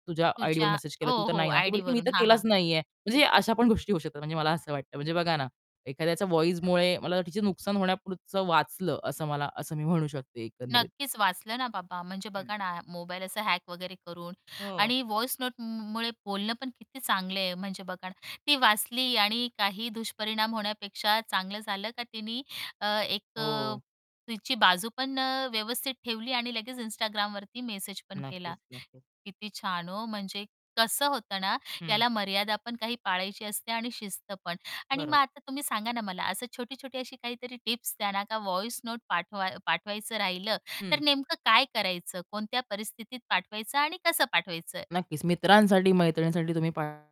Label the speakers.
Speaker 1: तुझ्या आयडीवर
Speaker 2: तुझ्या
Speaker 1: मेसेज केला
Speaker 2: हो,
Speaker 1: तू तर
Speaker 2: हो,
Speaker 1: नाही ना. ती म्हणली, मी
Speaker 2: आयडीवरून.
Speaker 1: तर
Speaker 2: हां, हां.
Speaker 1: केलाच नाहीये. म्हणजे अशा पण गोष्टी होऊ शकतात. म्हणजे मला असं वाटतं, म्हणजे बघा ना, एखाद्याच्या व्हॉईसमुळे मला तिचे नुकसान होण्यापुरतं वाचलं असं मला असं मी म्हणू शकते एकंदरीत.
Speaker 2: नक्कीच, वाचलं ना बाबा, म्हणजे
Speaker 1: हं.
Speaker 2: बघा ना, मोबाईल असं हॅक वगैरे करून
Speaker 1: हो.
Speaker 2: आणि वॉइस नोट म मुळे बोलणं पण किती चांगलं आहे. म्हणजे बघा ना, ती वाचली आणि काही दुष्परिणाम होण्यापेक्षा चांगलं झालं का, तिनी अ, एक अ,
Speaker 1: हो.
Speaker 2: तिची बाजू पण अ, व्यवस्थित ठेवली आणि लगेच Instagramवरती मेसेज पण केला.
Speaker 1: नक्कीच, नक्कीच.
Speaker 2: किती छान हो म्हणजे, कसं होतं ना,
Speaker 1: हं.
Speaker 2: याला मर्यादा पण काही पाळायची असते आणि शिस्त पण. आणि मग
Speaker 1: बरोबर.
Speaker 2: आता तुम्ही सांगा ना मला असं छोटी-छोटी अशी काहीतरी टिप्स त्यांना का वॉइस नोट पाठवा पाठवायचं राहिलं, तर
Speaker 1: हं.
Speaker 2: नेमकं काय करायचं? कोणत्या परिस्थितीत पाठवायचं आणि कसं पाठवायचं?
Speaker 1: नक्कीच, मित्रांसाठी मैत्रिणींसाठी तुम्ही पाठ